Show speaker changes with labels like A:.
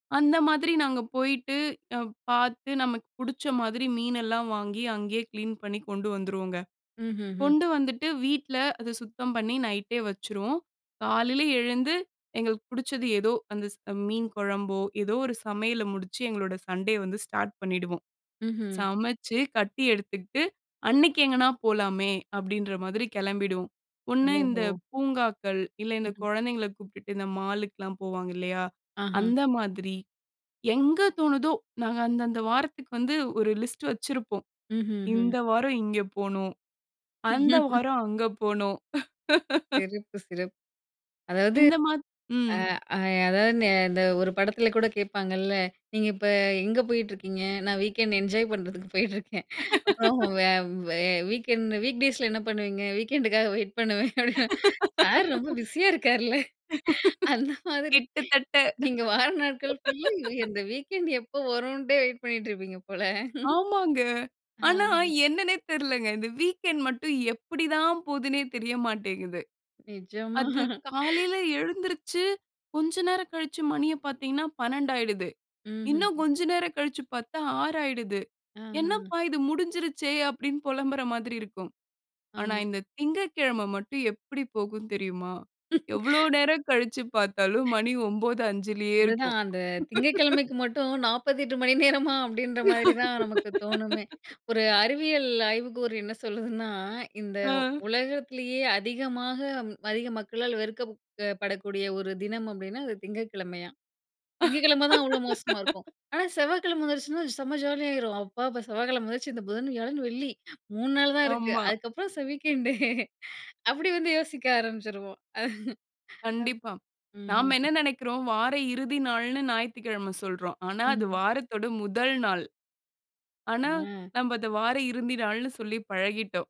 A: அந்த மாதிரி நாங்க போயிட்டு, அ, பாத்து, நமக்கு புடுச்ச மாதிரி மீனெல்லாம் வாங்கி, அங்கேயே கிளீன் பண்ணி கொண்டு வந்துருவோங்க.
B: ம்ஹ்ஹ்ம்.
A: கொண்டு வந்துட்டு, வீட்ல அத சுத்தம் பண்ணி, நைட்டே வச்சுருவோம். காலையில எழுந்து, எங்களுக்கு பிடுச்சது எதோ, அந்த ஸ், மீன் கொழம்போ, எதோ ஒரு சமையல முடுச்சு, எங்களோட சண்டே வந்து ஸ்டார்ட் பண்ணிடுவோம்.
B: ம்ஹ்.
A: சமச்சு கட்டி எடுத்துக்கிட்டு, அன்னைக்கு எங்கனா போலாமே, அப்படின்ற மாதிரி கெளம்பிடுவோம். ஒண்ணு இந்த
B: ஓஹோ!
A: பூங்காக்கள், இல்ல இந்த
B: ஹ்ஹ்.
A: கொழந்தைகள கூப்பிட்டுட்டு, இந்த மாலுக்குலா போவாங்க இல்லையா?
B: ஆஹா!
A: அந்த மாதிரி, எங்க தோணுதோ, நாங்க அந்த, அந்த வாரத்துக்கு வந்து, ஒரு லிஸ்ட் வச்சுருப்போம்.
B: ம்ஹ்ஹ்.
A: இந்த வாரம் இங்க போணும். அந்த வாரம் அங்க போணும்.
B: செருப்பு, சிறப்பு. அதாவது,
A: இந்த மாத் ம்.
B: ஆ, அ, அதாவது நெ இந்த ஒரு படத்தில கூட கேட்பாங்கல்ல. "நீங்க இப்ப எங்க போயிட்டு இருக்கீங்க?" "நான் வீக்கெண்ட் என்ஜாய் பண்றதுக்கு போயிட்டுருக்கேன்" அப்புறம், வே வ வீக்கெண்ட் வீக் டேஸ்ல என்ன பண்ணுவீங்க? "வீக்கெண்டுக்காக வெயிட் பண்ணுவேன்" "சார், ரொம்ப பிஸியா இருக்காருல!"அந்த மாதிரி.
A: கிட்டத்தட்ட.
B: நீங்க வார நாட்கள் ஃபுல்லா, இந்த வீக்கெண்ட் எப்ப வருன்ட்டே வெயிட் பண்ணிட்டுருப்பீங்க போல.
A: ஆமாங்க.
B: ஆஹ.
A: ஆனா, என்னனே தெர்லங்க. இந்த வீக்கெண்ட் மட்டும், எப்படி தான், போதுனே தெரிய மாட்டேங்குது.
B: நெஜமா.
A: அது காலையில எழுந்திருச்சு, கொஞ்ச நேரம் கழிச்சு மணிய பாத்தீங்கனா, 12யிடுது.
B: ம்ஹ்ஹ்.
A: இன்னும் கொஞ்ச நேரம் கழிச்சு பாத்தா, 6யிடுது.
B: ஆஹ.
A: "என்னப்பா இது முடுஞ்சுருச்சே" அப்படினு பொலம்புற மாதிரி இருக்கும். ஆனா,
B: ஆமா.
A: இந்த திங்ககிழமை மட்டும், எப்படி போகும் தெரியுமா? எவ்வளவு நேரம் கழிச்சு பாத்தாலும், மணி 9.05யே
B: அதுதான்,
A: இருக்கும்.
B: அந்த திங்கட்கிழமைக்கு மட்டும், 48 மணி நேரமா? அப்படின்ற மாதிரி தான் நமக்கு தோணுமே. ஒரு அறிவியல் ஆய்வுக்கூறு என்ன சொல்லுதுன்னா, இந்த
A: அ.
B: உலகத்திலேயே அதிகமாக, அதிக மக்களால் வெறுக்கப்ப் படக்கூடிய ஒரு தினம் அப்படின்னா, அது திங்கட்கிழமையாம். திங்ககிழமை தான், அவ்ளோ மோசமா இருக்கும். ஆனா, செவ்வாக்கிழமை வந்துருச்சினா செம்ம ஜாலியாயிரும். "அப்பா" அப்ப செவ்வாக்கிழமை வந்துருச்சு, இந்த புதன், வியாழன், வெள்ளி, 3 நாள் தான் இருக்கு.
A: ஆமா.
B: அதுக்கப்புறம் ச வீக்கெண்டு அப்டி வந்து யோசிக்க ஆரம்பிச்சிருவோம்.
A: கண்டிப்பா. நாம
B: ம்ஹ்ஹ்.
A: என்ன நெனக்குறோம். வார இறுதி நாள்னு, ஞாயித்துக்கிழம சொல்றோம். ஆனா, அது
B: ம்ஹ்ம்.
A: வாரத்தோட முதல் நாள். ஆனா,
B: ஆ.
A: நம்ப அத, வார இருந்தி நாள்னு, சொல்லி பழகிட்டோம்.